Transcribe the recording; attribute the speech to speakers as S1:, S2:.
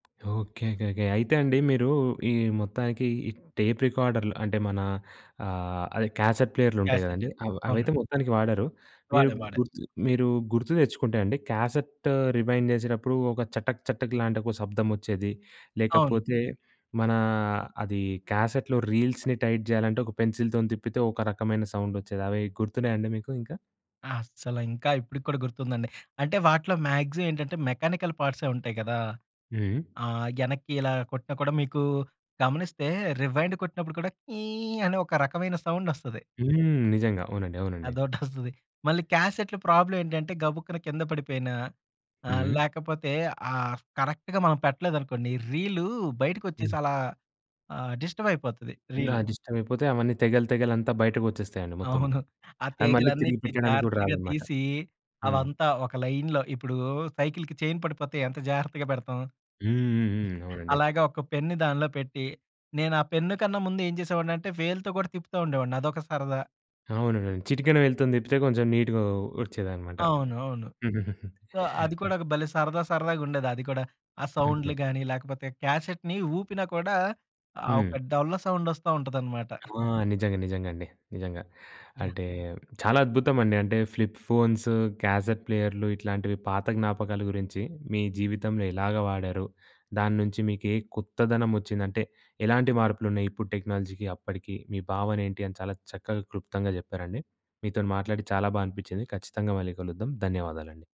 S1: Okay. Okay. Okay. అయితే అండి మీరు ఈ మొత్తానికి ఈ టేప్ రికార్డర్లు అంటే మన ఆహ్, అదే క్యాసెట్ ప్లేయర్లుంటాయి
S2: క్యాసెట్
S1: కదండీ!
S2: అండి.
S1: అవ్
S2: అవునండి.
S1: అవైతే మొత్తానికి వాడరు. మీరు
S2: వాడా వాడా.
S1: గుర్తు మీరు గుర్తు తెచ్చుకుంటే అండి క్యాసెట్ రివైండ్ చేసేటప్పుడు ఒక చటక్ చటక్ లాంటి ఒక శబ్దం వచ్చేది.
S2: అవును.
S1: లేకపోతే మనా అదీ క్యాసెట్లో రీల్స్‌ని టైట్ చేయాలంటే ఒక పెన్సిల్‌తోని తిప్పితే ఒక రకమైన సౌండ్ వచ్చేది అవి గుర్తున్నాయా అండి మీకు ఇంకా?
S2: అస్సల ఇంకా ఇప్పటికి కూడా గుర్తుందండి. అంటే వాటిలో మ్యాక్సిమమ్ ఏంటంటే మెకానికల్ పార్ట్సె ఉంటాయి కదా.
S1: హ్మ్.
S2: ఆ యనక్కి ఇలా కొట్టిన కూడా మీకు గమనిస్తే రివైండ్ కొట్టినప్పుడు కూడా కీ అనే ఒక రకమైన సౌండ్ వస్తది.
S1: హ్మ్. నిజంగా, అవునండి, అవునండి.
S2: అదొటొస్తది. మళ్ళీ క్యాసెట్‌లో ప్రాబ్లమ్ ఏంటంటే, గబుక్కున కింద పడిపోయిన ఆహ్,
S1: హ్మ్.
S2: లేకపోతే ఆ కరెక్ట్‌గా మనం పెట్టలేదనుకోండి రీలు బయటికొచ్చేసి
S1: హ్మ్.
S2: అలా ఆహ్, డిస్టర్బ్‌యిపోతది
S1: నా
S2: రీల్.
S1: దిష్టం అయిపోతే అవన్నీ తెగల్ తెగల్ అంతా బయటకు వచ్చేస్తాయండి మొత్తము.
S2: అవును. ఆ
S1: అది మళ్ళీ తిరిగి
S2: తీగలన్నిటిని
S1: పెట్టడానికి కూడా
S2: జాగ్రత్తగా
S1: రాదన్నమాట.
S2: తీసి
S1: హ్మ్.
S2: అవంతా ఒక లైన్‌లో ఇప్పుడు సైకిల్‌కి చైన్ పడిపోతే ఎంత జాగ్రత్తగా పెడతాం.
S1: హ్మ్. హ్మ్. హ్మ్. అవునండి.
S2: అలాగ ఒక పెన్‌ని దాంన్లో పెట్టి, నేను ఆ పెన్నుకన్నా ముందు ఏం చేసేవాడిని అంటే వేలుతో కూడా తిప్పుతా ఉండేవాడిని. అదొక సరదా.
S1: అవునండి. చిటికెన వే‌లుతొని తిప్పితే కొంచెం నీట్‌గా వచ్చేదన్నమాట.
S2: అవును. అవును. సో, అది కూడా భలే సరదా సరదాగా ఉండేది అది కూడా ఆ
S1: హుహు.
S2: సౌండ్‌లు గాని, లేకపోతే క్యాసెట్‌ని ఊపినా కూడా, ఆ
S1: హ్మ్.
S2: ఒక డొల్ల సౌండ్ వస్తా ఉంటదన్నమాట.
S1: ఆ! నిజంగా నిజంగా అండి. నిజంగా.
S2: యాహ్!
S1: అంటే చాలా అద్భుతమండి అంటే ఫ్లిప్ ఫోన్సు, క్యాసెట్ ప్లేయర్లు ఇట్లాంటివి పాత జ్ఞాపకాల గురించి మీ జీవితంలో ఎలాగా వాడారు? దాన్నుంచి మీకేం కొత్తదనం వచ్చిందంటే, ఎలాంటి మార్పులు ఉన్నయి, ఇప్పుడు టెక్నాలజీకి అప్పటికి మీ భావన ఏంటి, అని చాలా చక్కగా క్లుప్తంగా చెప్పారండి. మీతోని మాట్లాడి చాలా బాగా అనిపించింది ఖచ్చితంగా మళ్ళీ కలుద్దాం. ధన్యవాదాలండి.